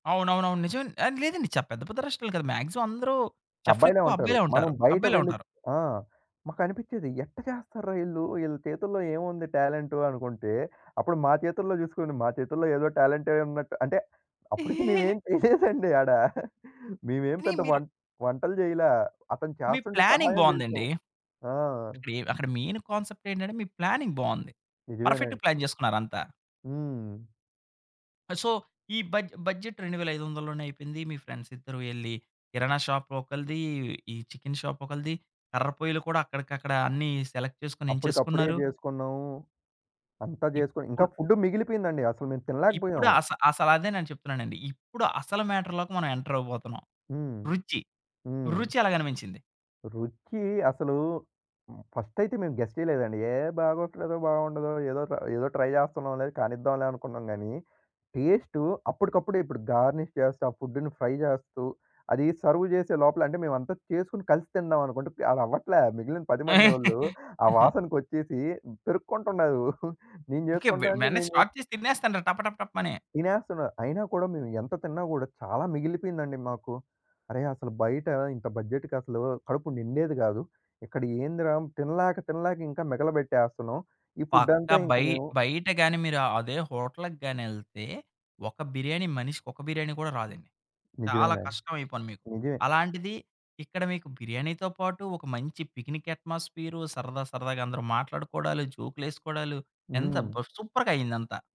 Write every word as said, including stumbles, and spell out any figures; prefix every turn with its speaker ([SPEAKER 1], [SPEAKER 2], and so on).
[SPEAKER 1] అవునవునవును. నిజమే అండి. ఆ! లేదండి ఛ పెద్ద రెస్టారెంట్లు కాదు. మాక్సిమం అందరు
[SPEAKER 2] అబ్బాయిలే
[SPEAKER 1] చెఫులెక్కువ
[SPEAKER 2] ఉంటారు.
[SPEAKER 1] అబ్బాయిలే
[SPEAKER 2] మనం
[SPEAKER 1] ఉంటారు.
[SPEAKER 2] బయట
[SPEAKER 1] అబ్బాయిలే
[SPEAKER 2] వెళ్లి
[SPEAKER 1] ఉంటారు.
[SPEAKER 2] ఆ! మాకు అనిపిచ్చేది, ఎట్ట చేస్తార్రా ఈళ్ళు! ఈళ్ళ చేతుల్లో ఏముంది టాలెంటు అనుకుంటే, అప్పుడు మా చేతుల్లో చూసుకుని మా చేతుల్లో ఏదో టాలెంటే ఉన్నట్టు అంటే అప్పుడికి మేమేమి చేయలేదండి ఆడ. మేమేం
[SPEAKER 1] అని
[SPEAKER 2] పెద్ద
[SPEAKER 1] మీరు
[SPEAKER 2] వం వంటలు జేయలా. అతను
[SPEAKER 1] మీ
[SPEAKER 2] చేస్తుంటే
[SPEAKER 1] ప్లానింగ్
[SPEAKER 2] సహాయం చేసాం.
[SPEAKER 1] బావుందండి.
[SPEAKER 2] ఆ!
[SPEAKER 1] అక్కడెం అక్కడ మెయిన్ కాన్సెప్ట్ ఏంటంటే, మీ ప్లానింగ్ బావుంది. పర్ఫెక్ట్‌గా
[SPEAKER 2] నిజమేనండి.
[SPEAKER 1] ప్లాన్ చేసుకున్నారంతా.
[SPEAKER 2] హ్మ్.
[SPEAKER 1] సో, ఈ బడ్జె బడ్జెట్ రెండు వేల ఐదొందల లోనే అయిపోయింది. మీ ఫ్రెండ్స్ ఇద్దరు వెళ్లి కిరాణా షాపు ఒకళ్ళది. ఈ చికెను షాపు ఒకళ్ళది. కర్రపొయ్యిలు కూడా అక్కడికి అక్కడ అన్ని సెలెక్ట్ చేసుకొని
[SPEAKER 2] అప్పటికప్పుడే
[SPEAKER 1] ఎంచేసుకున్నారు.
[SPEAKER 2] జేసుకున్నాము. అంతా జేసుకొని, ఇంకా
[SPEAKER 1] ఇప్పుడు
[SPEAKER 2] ఫుడ్ మిగిలిపోయిందండి. అసలు మేము
[SPEAKER 1] ఇప్పుడు
[SPEAKER 2] తినలేకపోయాం.
[SPEAKER 1] అస అసలదే నేను చెప్తున్నానండి. ఇప్పుడు అసలు మ్యాటర్‌లోకి మనం ఎంటర్ అవ్వబోతున్నాం.
[SPEAKER 2] హ్మ్.
[SPEAKER 1] రుచి,
[SPEAKER 2] హ్మ్.
[SPEAKER 1] రుచి ఎలగనిపించింది?
[SPEAKER 2] రుచి అసలు, ఫస్ట్ అయితే మేము గెస్ చెయ్యలేదండి. "ఏహ్! బాగోట్లేదో బాగుండదో ఏదో ఏదో ట్రై చేస్తున్నాంలే, కానిద్దాంలే అనుకున్నాం గాని టేస్టు అప్పడికప్పుడే ఇప్పుడు గార్నిష్ చేస్తూ, ఆ ఫుడ్‌ని ఫ్రై చేస్తూ, అది సెర్వ్ చేసే లోపల అంటే, మేమంతా చేసుకొని కలిసి తిందాం అనుకుంటే అది అవ్వట్లే. మిగిలిన పది మంది వాళ్ళు ఆ వాసనకొచ్చేసి పెరుక్కుంటున్నారు. నేను
[SPEAKER 1] ఓకే. వె
[SPEAKER 2] చేసుకుంటాను అంటే
[SPEAKER 1] వెంటనే
[SPEAKER 2] నేను
[SPEAKER 1] స్టార్ట్
[SPEAKER 2] చేసుకు
[SPEAKER 1] చేసి తినేస్తనుర్రు టప టప టపమని.
[SPEAKER 2] తినేస్తున్నారు. అయినా కూడా మేము ఎంత తిన్నా కూడా చాలా మిగిలిపోయిందండి మాకు. అరెయ్! అసలు బయట ఇంత బడ్జెట్‌కి అసలు కడుపు నిండేది కాదు. ఇక్కడ ఏందిరా తినలేక తినలేక ఇంకా మిగలబెట్టేస్తున్నాం. ఈ ఫుడ్
[SPEAKER 1] పక్కా
[SPEAKER 2] అంతా ఇంక
[SPEAKER 1] బయ్
[SPEAKER 2] మేము
[SPEAKER 1] బయట గాని మీరు అదే హోటల్‌కి గాని వెళ్తే ఒక బిర్యానీ, మనిషికొక బిర్యానీ కూడా రాదండి. చాలా
[SPEAKER 2] నిజమేనండి.
[SPEAKER 1] కష్టం అయిపోను మీకు.
[SPEAKER 2] నిజమే.
[SPEAKER 1] అలాంటిది ఇక్కడ మీకు బిర్యానీతో పాటు ఒక మంచి పిక్నిక్ అట్మాస్ఫియర్, సరదా సరదాగా అందరూ మాట్లాడుకోడాలు, జోకులేసుకోడాలు ఎంత
[SPEAKER 2] హ్మ్.
[SPEAKER 1] సూపర్‌గా అయ్యిందంతా.